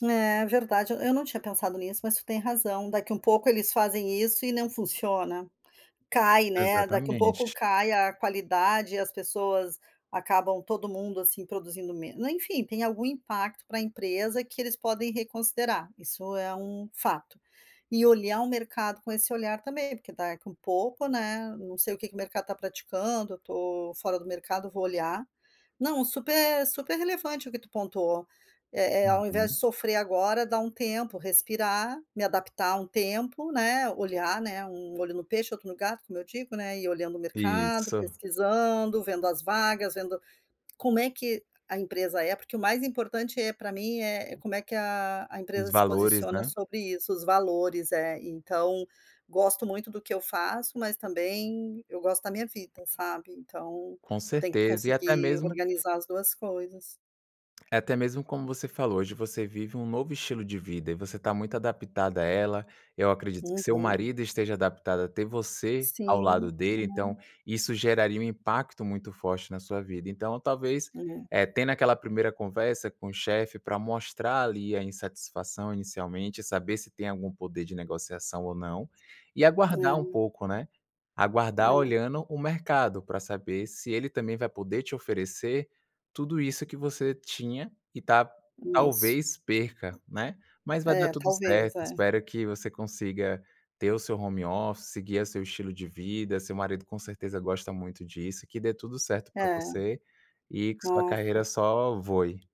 É verdade, eu eu não tinha pensado nisso, mas tu tem razão. Daqui um pouco eles fazem isso e não funciona. Cai, né. Daqui um pouco, Exatamente. cai a qualidade e as pessoas acabam todo mundo assim produzindo meno enfim, tem algum impacto para a empresa que eles podem reconsiderar. Isso é um fato. E olhar o mercado com esse olhar também, porque daqui um pouco, né. Não sei o que o mercado tá praticando, eu tô fora do mercado, vou olhar. Não, super super relevante o que tu pontuou. Eh eh ao invés de Uhum. sofrer agora, dar um tempo, respirar, me adaptar um tempo, né. Olhar, né. Um olho no peixe, outro no gato, como eu digo, né. Ir olhando o mercado, Isso. pesquisando, vendo as vagas, vendo como é que a empresa é, porque o mais importante, eh, pra mim é como é que a a empresa Os se valores, posiciona né? sobre isso, os valores, é, então gosto muito do que eu faço, mas também eu gosto da minha vida, sabe. Então Com eu tenho que certeza. E até conseguir mesmo organizar as 2 coisas. é até mesmo como você falou. Hoje você vive um novo estilo de vida e você tá muito adaptada a ela. Eu acredito que seu Uhum. marido esteja adaptado a ter você ao Sim, lado dele, então aham. isso geraria um impacto muito forte na sua vida. Então talvez, Uhum. eh, tendo aquela primeira conversa com o chefe pra mostrar ali a insatisfação inicialmente e saber se tem algum poder de negociação ou não, e aguardar um É. pouco, né. Aguardar É. olhando o mercado, pra saber se ele também vai poder te oferecer tudo isso que você tinha e ta Nisso. talvez perca, né. Mas vai dar É, tudo talvez certo. é. Espero que você consiga ter o seu home office, seguir a seu estilo de vida. Seu marido com certeza gosta muito disso, que dê tudo certo pra É. você e que sua carreira Nossa. só voe.